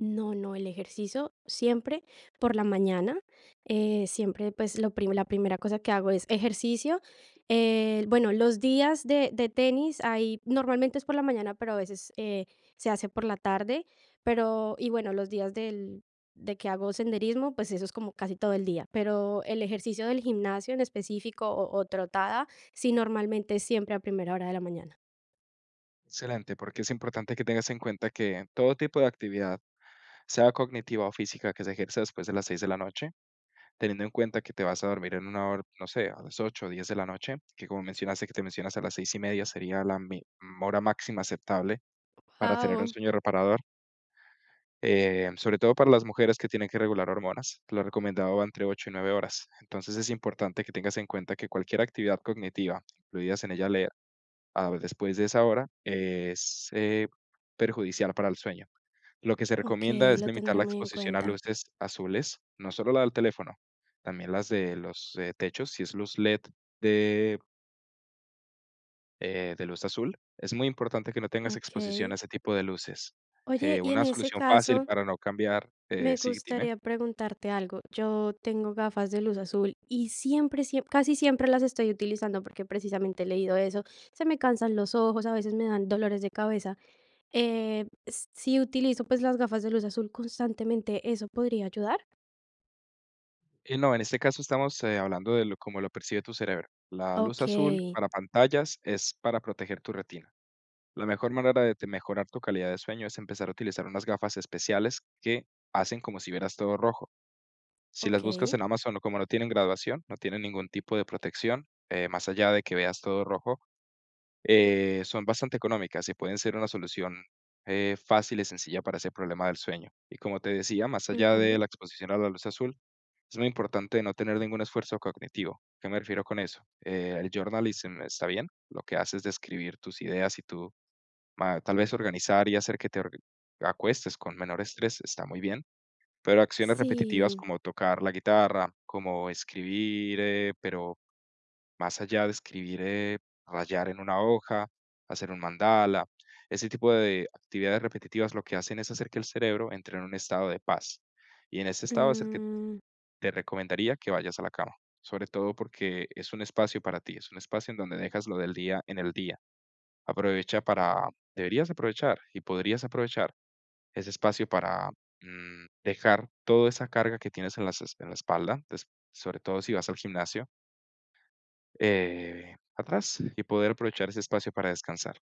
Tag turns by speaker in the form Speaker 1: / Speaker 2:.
Speaker 1: No, no, el ejercicio siempre por la mañana, eh, siempre, pues, lo prim la primera cosa que hago es ejercicio. El bueno, los días de de tenis ahí normalmente es por la mañana, pero a veces, eh, se hace por la tarde, pero y bueno, los días del de que hago senderismo, pues eso es como casi todo el día, pero el ejercicio del gimnasio en específico o o trotada, sí normalmente es siempre a primera hora de la mañana.
Speaker 2: Excelente, porque es importante que tengas en cuenta que todo tipo de actividad, sea cognitiva o física, que se ejerce después de las 6 de la noche, teniendo en cuenta que te vas a dormir en una hora, no sé, a las 8 o 10 de la noche, que como mencionaste, que te mencionas a las 6:30 sería la me mm, hora máxima aceptable para tener un
Speaker 1: Au
Speaker 2: sueño reparador. Eh, sobre todo para las mujeres que tienen que regular hormonas, lo recomendado va entre 8 y 9 horas. Entonces es importante que tengas en cuenta que cualquier actividad cognitiva, incluidas en ella leer, a la vez después de esa hora es, eh, perjudicial para el sueño. Lo que se recomienda
Speaker 1: Okey,
Speaker 2: es
Speaker 1: lo
Speaker 2: limitar
Speaker 1: tendré
Speaker 2: la
Speaker 1: muy en
Speaker 2: exposición a
Speaker 1: cuenta.
Speaker 2: luces azules, no solo la del teléfono, también las de los techos, si es luz LED de eh, de luz azul, es muy importante que no tengas exposición
Speaker 1: Okey.
Speaker 2: a ese tipo de luces,
Speaker 1: Oye,
Speaker 2: eh,
Speaker 1: y en
Speaker 2: una
Speaker 1: ese
Speaker 2: solución fácil
Speaker 1: caso
Speaker 2: para no cambiar eh
Speaker 1: me
Speaker 2: sí, dime.
Speaker 1: gustaría preguntarte algo. Yo tengo gafas de luz azul y siempre, siem casi siempre las estoy utilizando, porque precisamente he leído eso, se me cansan los ojos, a veces me dan dolores de cabeza. Eh, s si utilizo, pues, las gafas de luz azul constantemente, ¿eso podría ayudar?
Speaker 2: Y no, en este caso estamos, eh, hablando de lo como lo percibe tu cerebro. La luz azul
Speaker 1: Okey.
Speaker 2: para pantallas es para proteger tu retina. La mejor manera de mejorar tu calidad de sueño es empezar a utilizar unas gafas especiales que hacen como si vieras todo rojo. Si las buscas
Speaker 1: Okey.
Speaker 2: en Amazon, como no tienen graduación, no tienen ningún tipo de protección, eh, más allá de que veas todo rojo, eh, son bastante económicas y pueden ser una solución, eh, fácil y sencilla para ese problema del sueño. Y, como te decía, más allá
Speaker 1: Ujú.
Speaker 2: de la exposición a la luz azul, es muy importante no tener ningún esfuerzo cognitivo. ¿A qué me refiero con eso? El journalism, esta bien, lo que haces de escribir tus ideas y tu ma tal vez organizar y hacer que te org acuestes con menor estrés está muy bien, pero acciones repetitivas
Speaker 1: Sí.
Speaker 2: como tocar la guitarra, como escribir, eh, pero, más allá de escribir, eh, rayar en una hoja, hacer un mandala, ese tipo de actividades repetitivas lo que hacen es hacer que el cerebro entre en un estado de paz y en ese estado es el que t
Speaker 1: Mm.
Speaker 2: te recomendaría que vayas a la cama, sobre todo porque es un espacio para ti, es un espacio en donde dejas lo del día en el día. Aprovecha para deberías aprovechar y podrías aprovechar ese espacio para, mm, dejar toda esa carga que tienes en las en la espalda, tes sobre todo si vas al gimnasio eh, atrás y poder aprovechar ese espacio para descansar.